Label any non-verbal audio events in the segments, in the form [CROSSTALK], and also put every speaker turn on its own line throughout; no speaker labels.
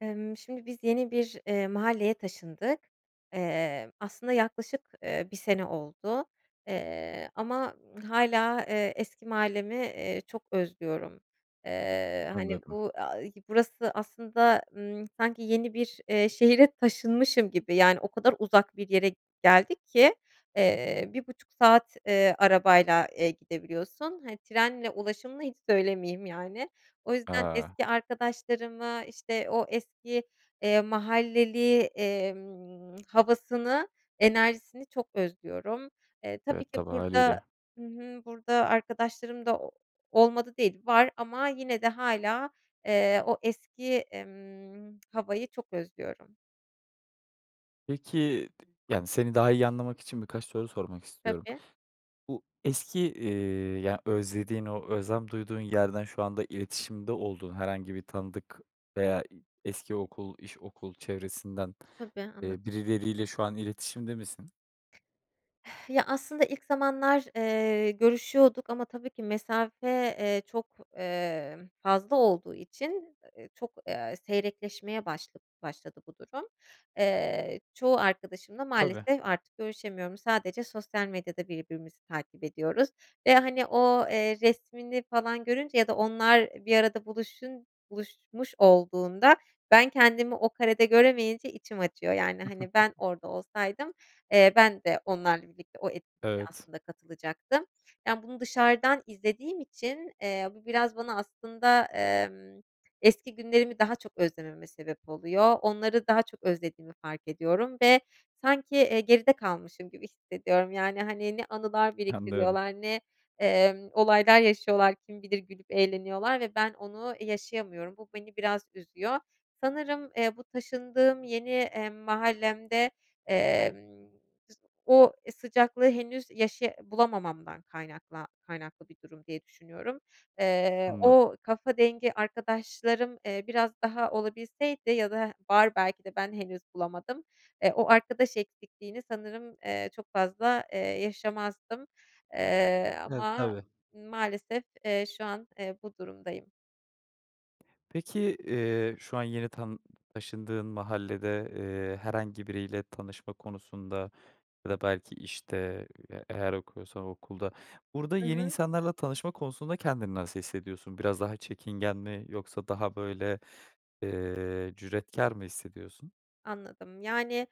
Emm, şimdi biz yeni bir, eee, mahalleye taşındık. Eee, aslında yaklaşık, eee, 1 sene oldu, eee, ama, ımm, hâlâ, eee, eski mahallemi, eee, çok özlüyorum. Eee, hani,
Anladım.
bu, a i burası aslında, ımm, sanki yeni bir, eee, şehre taşınmışım gibi, yani, o kadar uzak bir yere geldik ki, eee, 1.30 saat, eee, arabayla, eee, gidebiliyorsun, hani, trenle ulaşımını hiç söylemeyeyim yani. O yüzden
A!
eski arkadaşlarımı, işte, o eski, eee, mahalleli, emm, havasını, enerjisini çok özlüyorum. E, tabii
Evet,
ki
tabii,
burada
hâliyle.
Hı hı, burada arkadaşlarım da o olmadı değil, var, ama yine de, hâlâ, eee, o eski, emm, [TSK] havayı çok özlüyorum.
Peki, t yani, seni daha iyi anlamak için birkaç soru sormak istiyorum.
Tabii.
Bu eski, iii, ya, özlediğin, o özlem duyduğun yerden şu anda iletişimde olduğun herhangi bir tanıdık veya i eski okul, iş, okul çevresinden,
Tabii, anla
eee, birileriyle şu an iletişimde misin?
[SIGHS] Ya, aslında ilk zamanlar, eee, görüşüyorduk, ama tabii ki mesafe, eee, çok, emm, fazla olduğu için, eee, çok, eee, seyrekleşmeye başla başladı bu durum. Eee, çoğu arkadaşımla
Tabii.
maalesef artık görüşemiyorum, sadece sosyal medyada birbirimizi takip ediyoruz ve hani, o, eee, resmini falan görünce ya da onlar bir arada buluşun buluşmuş olduğunda, ben kendimi o karede göremeyince içim acıyor. Yani, hani, ben
[CHUCKLES]
orada olsaydım, eee, ben de onlarla birlikte o etkinliğe
Evet.
aslında katılacaktım. Yani, bunu dışarıdan izlediğim için, eee, bu biraz bana aslında, emm, eski günlerimi daha çok özlememe sebep oluyor, onları daha çok özlediğimi fark ediyorum ve sanki, eee, geride kalmışım gibi hissediyorum. Yani, hani, ne anılar
Anlıyorum.
biriktiriyorlar, ne, emm, olaylar yaşıyorlar, kim bilir gülüp eğleniyorlar ve ben onu yaşayamıyorum. Bu beni biraz üzüyor. Sanırım, eee, bu taşındığım yeni, eee, mahallemde, emm, o sıcaklığı henüz yaşaya bulamamamdan kaynakla kaynaklı bir durum diye düşünüyorum. Eee,
Anla
o kafa dengi arkadaşlarım, eee, biraz daha olabilseydi ya da var, belki de ben henüz bulamadım, eee, o arkadaş eksikliğini sanırım, eee, çok fazla, eee, yaşamazdım, eee,
E,
ama
tabii.
maalesef, eee, şu an, eee, bu durumdayım.
Peki, eee, şu an yeni tanı taşındığın mahallede, eee, herhangi biriyle tanışma konusunda ya da belki, işte, eee, eğer okuyorsan okulda... Burada
Hı
yeni
hı.
insanlarla tanışma konusunda kendini nasıl hissediyorsun? Biraz daha çekingen mi yoksa daha, böyle, eee, cüretkâr mı hissediyorsun?
Anladım. Yani,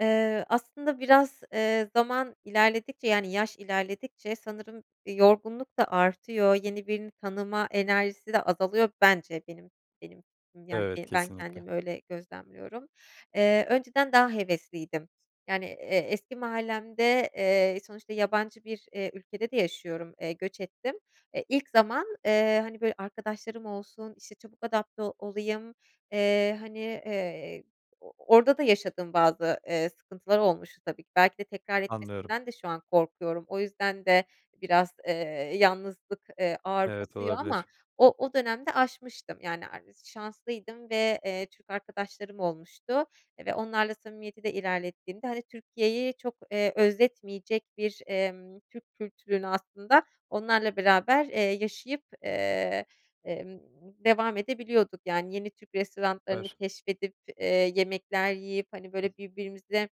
eee, aslında biraz, eee, zaman ilerledikçe yani yaş ilerledikçe sanırım, eee, yorgunluk da artıyor, yeni birini tanıma enerjisi de azalıyor bence benim benim fikrim yani
Evet
ben
kesinlikle.
kendimi öyle gözlemliyorum. Eee, önceden daha hevesliydim. Yani, eee, eski mahallemde, eee, sonuçta yabancı bir, eee, ülkede de yaşıyorum, eee, göç ettim. Eee, ilk zaman, eee, hani, böyle, arkadaşlarım olsun, işte, çabuk adapte olayım, eee, hani, eee, o orda da yaşadığım bazı, eee, sıkıntılar olmuştu tabii ki. Belki de tekrar
Anlıyorum.
etmesinden de şu an korkuyorum. O yüzden de biraz, eee, yalnızlık, eee, ağır
Evet
basıyor ama
olabilir.
o o dönemde aşmıştım, yani, ares şanslıydım ve, eee, Türk arkadaşlarım olmuştu ve onlarla samimiyeti de ilerlettiğimde, hani, Türkiye'yi çok, eee, özletmeyecek bir, emm, Türk kültürünü aslında onlarla beraber, eee, yaşayıp, eee, emm, devam edebiliyorduk, yani, yeni Türk restoranlarını
Süper.
keşfedip, eee, yemekler yiyip, hani, böyle, birbirimize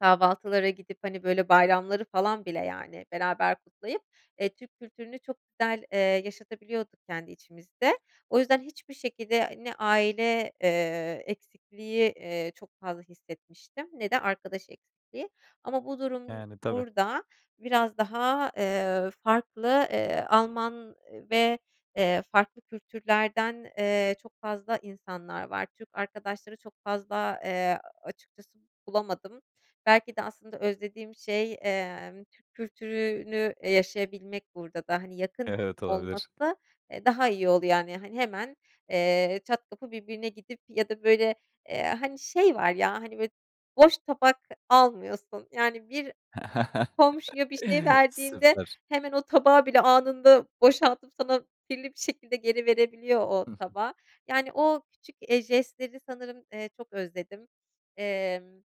kahvaltılara gidip, hani, böyle, bayramları falan bile, yani, beraber kutlayıp, eee, Türk kültürünü çok güzel, eee, yaşatabiliyorduk kendi içimizde. O yüzden hiçbir şekilde ne aile, eee, eksikliği, eee, çok fazla hissetmiştim ne de arkadaş eksikliği. Ama bu durum
Yani, tabii.
burada biraz daha, eee, farklı, eee, Alman ve, eee, farklı kültürlerden, eee, çok fazla insanlar var. Türk arkadaşları çok fazla, eee, açıkçası bulamadım. Belki de aslında özlediğim şey, emm, Türk kültürünü, e, yaşayabilmek burada da. Hani, yakın
Evet olabilir.
olması, eee, daha iyi oldu yani, hani, hemen, eee, çat kapı birbirine gidip ya da, böyle, eee, hani, şey var ya, hani, böyle boş tabak almıyorsun, yani, bir
[CHUCKLES]
komşuya bir şey verdiğinde
Süper.
hemen o tabağı bile anında boşaltıp sana kirli bir şekilde geri verebiliyor o
Hı hı.
tabağı. Yani, o küçük, eee, jestleri sanırım, eee, çok özledim. Emm,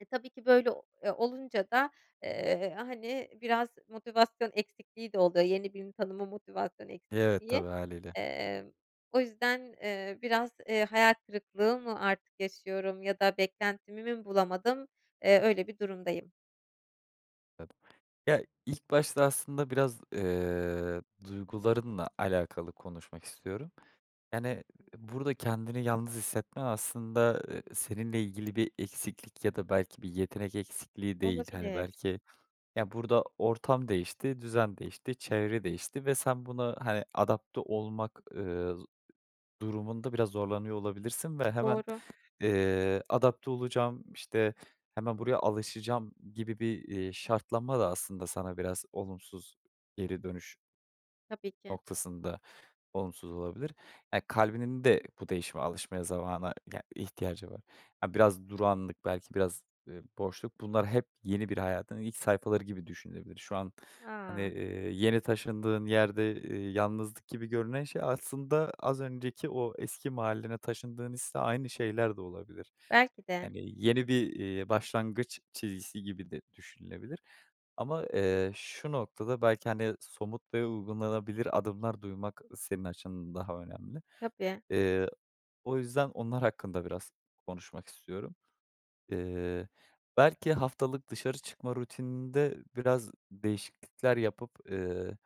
e, tabii ki, böyle, o eee, olunca da, eee, hani, biraz motivasyon eksikliği de oluyor, yeni birini tanıma motivasyon
Evet.
eksikliği.
Tabii, hâliyle.
Emm, o yüzden, eee, biraz, eee, hayal kırıklığı mı artık yaşıyorum ya da beklentimi mi bulamadım, eee, öyle bir durumdayım.
[UNINTELLIGIBLE] Ya ilk başta aslında biraz, eee, duygularınla alakalı konuşmak istiyorum. Yani burada kendini yalnız hissetmen aslında, eee, seninle ilgili bir eksiklik ya da belki bir yetenek eksikliği değil. Hani
Olabilir.
belki ya, burada ortam değişti, düzen değişti, çevre değişti ve sen buna hani, adapte olmak, eee, z durumunda biraz zorlanıyor olabilirsin ve hemen,
Doğru.
eee, "Adapte olacağım işte, hemen buraya alışacağım," gibi bir, eee, şartlanma da aslında sana biraz olumsuz, geri dönüş
Tabii ki.
noktasında olumsuz olabilir. Ya, kalbinin de bu değişime alışmaya zamana ya ihtiyacı var. Ya, biraz durağanlık, belki biraz, eee, boşluk bunlar hep yeni bir hayatın ilk sayfaları gibi düşünülebilir. Şu an hani,
A!
eee, yeni taşındığın yerde, eee, yalnızlık gibi görünen şey aslında az önceki o eski mahallene taşındığın hisle aynı şeyler de olabilir.
Belki de.
Hani yeni bir, eee, başlangıç çizgisi gibi de düşünülebilir ama, eee, şu noktada belki hani, somut ve uygulanabilir adımlar duymak senin açından daha önemli.
Tabii.
Eee, o yüzden onlar hakkında biraz konuşmak istiyorum. Eee, belki haftalık dışarı çıkma rutininde biraz değişiklikler yapıp, eee,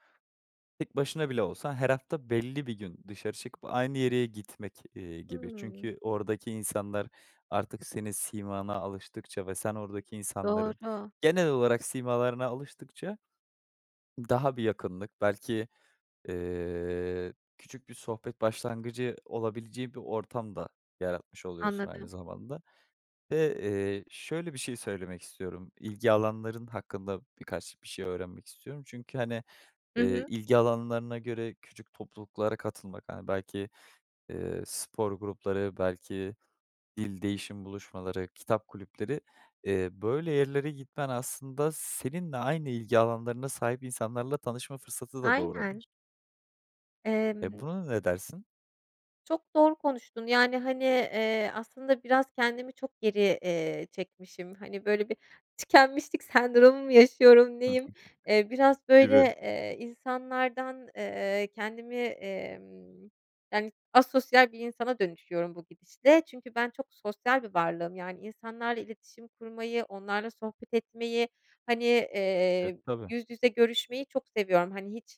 tek başına bile olsan her hafta belli bir gün dışarı çıkıp aynı yeriye gitmek, eee, gibi.
Hımm.
Çünkü oradaki insanlar artık senin simana alıştıkça ve sen oradaki insanların
Doğru
genel olarak simalarına alıştıkça daha bir yakınlık, belki, eee, küçük bir sohbet başlangıcı olabileceği bir ortam da yaratmış oluyorsun aynı
Anladım.
zamanda. Ve, eee, şöyle bir şey söylemek istiyorum, ilgi alanların hakkında birkaç bir şey öğrenmek istiyorum çünkü hani,
Hı
eee,
hı.
ilgi alanlarına göre küçük topluluklara katılmak hani, belki, eee, spor grupları, belki dil değişim buluşmaları, kitap kulüpleri. Eee, böyle yerlere gitmen aslında seninle aynı ilgi alanlarına sahip insanlarla tanışma fırsatı da
Aynen.
doğurabilir. E,
Emm.
buna ne dersin?
Çok doğru konuştun, yani, hani, eee, aslında biraz kendimi çok geri, eee, çekmişim. Hani, böyle, bir tükenmişlik sendromu mu yaşıyorum,
Hı hı.
neyim? Eee, biraz böyle,
Gibi.
eee, insanlardan, eee, kendimi, emm, yani asosyal bir insana dönüşüyorum bu gidişle. Çünkü ben çok sosyal bir varlığım. Yani insanlarla iletişim kurmayı, onlarla sohbet etmeyi, hani,
E,
eee,
tabii.
yüz yüze görüşmeyi çok seviyorum. Hani, hiç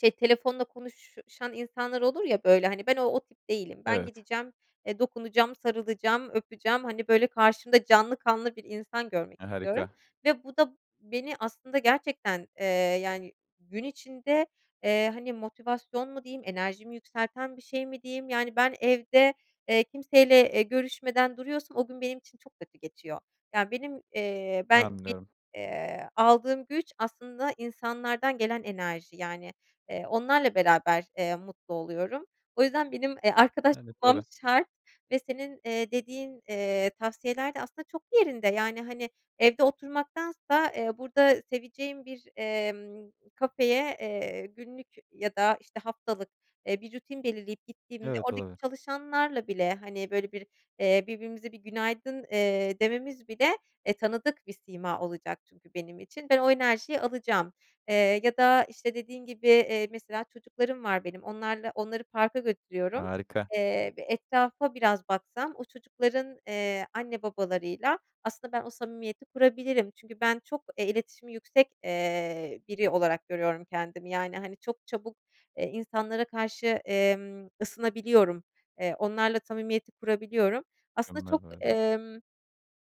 şey, telefonla konuşan insanlar olur ya böyle, hani, ben o o tip değilim. Ben
Evet.
gideceğim, dokunacağım, sarılacağım, öpeceğim. Hani, böyle karşımda canlı kanlı bir insan görmek
E,
istiyorum
harika.
ve bu da beni aslında gerçekten, eee, yani gün içinde, eee, hani motivasyon mu diyeyim, enerjimi yükselten bir şey mi diyeyim. Yani ben evde, eee, kimseyle, eee, görüşmeden duruyorsam o gün benim için çok kötü geçiyor. Yani benim, eee, ben benim,
Anlıyorum.
eee, aldığım güç aslında insanlardan gelen enerji. Yani, eee, onlarla beraber, eee, mutlu oluyorum. O yüzden benim, eee, arkadaş
Yani,
bulmam
tabii.
şart ve senin, eee, dediğin, eee, tavsiyeler de aslında çok yerinde; yani, hani, evde oturmaktansa, eee, burada seveceğim bir, emm, kafeye, eee, günlük ya da işte haftalık, eee, bir rutin belirleyip gittiğimde,
Evet,
oradaki
olabilir.
çalışanlarla bile, hani, böyle bir, eee, birbirimizi bir günaydın, eee, dememiz bile, eee, tanıdık bir sima olacak çünkü benim için. Ben o enerjiyi alacağım. Eee, ya da, işte, dediğin gibi, eee, mesela çocuklarım var benim, onlarla onları parka götürüyorum,
Harika.
eee, ve etrafa biraz baksam o çocukların, eee, anne babalarıyla aslında ben o samimiyeti kurabilirim. Çünkü ben çok, eee, iletişimi yüksek, eee, biri olarak görüyorum kendimi yani hani çok çabuk, eee, insanlara karşı, emm, ısınabiliyorum. Eee, onlarla samimiyeti kurabiliyorum. Aslında çok,
[UNINTELLIGIBLE]
ımm,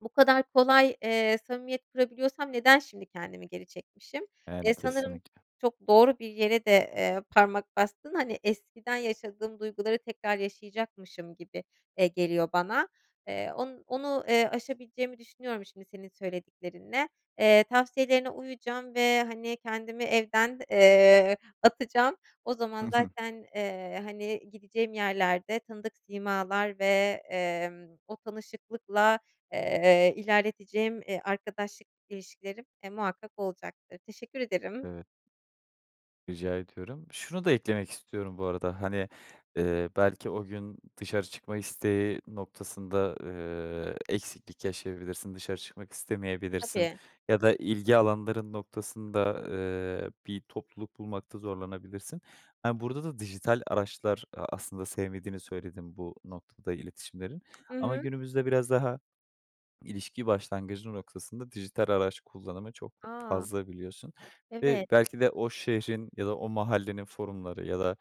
bu kadar kolay, eee, samimiyet kurabiliyorsam neden şimdi kendimi geri çekmişim?
Yani,
Eee, sanırım
kesinlikle.
çok doğru bir yere de, eee, parmak bastın; hani, eskiden yaşadığım duyguları tekrar yaşayacakmışım gibi, eee, geliyor bana. Eee, o onu, eee, aşabileceğimi düşünüyorum şimdi senin söylediklerinle. Eee, tavsiyelerine uyacağım ve, hani, kendimi evden, eee, atacağım. O zaman
[CHUCKLES]
zaten, eee, hani, gideceğim yerlerde tanıdık simalar ve, emm, o tanışıklıkla, eee, ilerleteceğim, eee, arkadaşlık ilişkilerim, e, muhakkak olacaktır. Teşekkür ederim.
Evet. Rica ediyorum. Şunu da eklemek istiyorum bu arada; hani, eee, belki o gün dışarı çıkma isteği noktasında, eee, eksiklik yaşayabilirsin dışarı çıkmak istemeyebilirsin
Tabii.
ya da ilgi alanların noktasında, eee, bir topluluk bulmakta zorlanabilirsin. Eee, burada da dijital araçlar; a aslında sevmediğini söyledin bu noktada, iletişimleri.
Hı
Ama
hı.
günümüzde biraz daha ilişki başlangıcı noktasında dijital araç kullanımı çok fa
A!
fazla biliyorsun. Eee,
Evet.
belki de o şehrin ya da o mahallenin forumları ya da,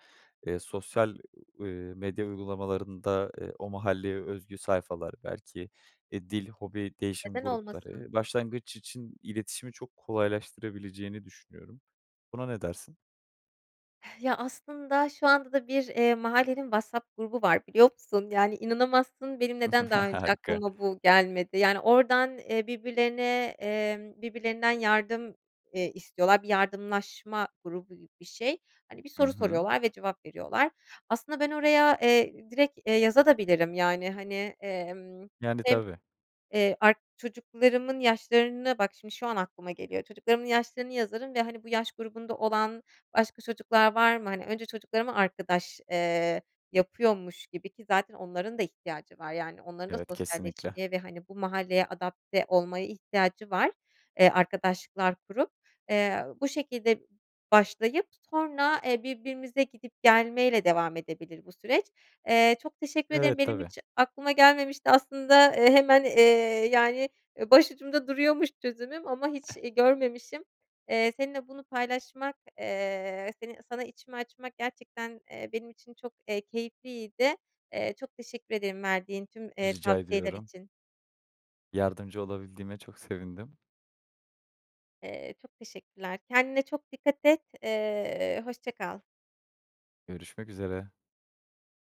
eee, sosyal, eee, medya uygulamalarında, eee, o mahalleye özgü sayfalar, belki, eee, dil, hobi, değişim
Neden olmasın?
grupları, başlangıç için iletişimi çok kolaylaştırabileceğini düşünüyorum. Buna ne dersin?
Ya, aslında şu anda da bir eee, mahallenin WhatsApp grubu var biliyor musun? Yani inanamazsın, benim neden daha
[CHUCKLES]
önce
Harika.
aklıma bu gelmedi? Yani, oradan eee, birbirlerine eee, birbirlerinden yardım eee, istiyorlar, bir yardımlaşma grubu gibi bir şey. Hani, bir
Hı
soru
hı.
soruyorlar ve cevap veriyorlar. Aslında ben oraya, eee, direkt, eee, yazabilirim de, yani, hani, emm,
Yani,
hem,
tabii.
eee, ark çocuklarımın yaşlarını bak şimdi, şu an aklıma geliyor, çocuklarımın yaşlarını yazarım ve, hani, bu yaş grubunda olan başka çocuklar var mı? Hani, önce çocuklarıma arkadaş, eee, yapıyormuş gibi, ki zaten onların da ihtiyacı var, yani onların da
Evet, kesinlikle.
sosyalleşmeye ve, hani, bu mahalleye adapte olmaya ihtiyacı var, eee, arkadaşlıklar kurup. Eee, bu şekilde başlayıp sonra, eee, birbirimize gidip gelmeyle devam edebilir bu süreç. Eee, çok teşekkür ederim,
Evet,
benim
tabii.
hiç aklıma gelmemişti. Aslında, e, hemen, eee, yani, başucumda duruyormuş çözümüm ama hiç, iii,
[CHUCKLES]
görmemişim. Eee, seninle bunu paylaşmak, eee, seni sana içimi açmak gerçekten, eee, benim için çok, eee, keyifliydi. Eee, çok teşekkür ederim verdiğin tüm, eee,
Rica
tavsiyeler
ediyorum.
için.
Yardımcı olabildiğime çok sevindim.
Eee, çok teşekkürler, kendine çok dikkat et, eee, hoşça kal.
Görüşmek üzere.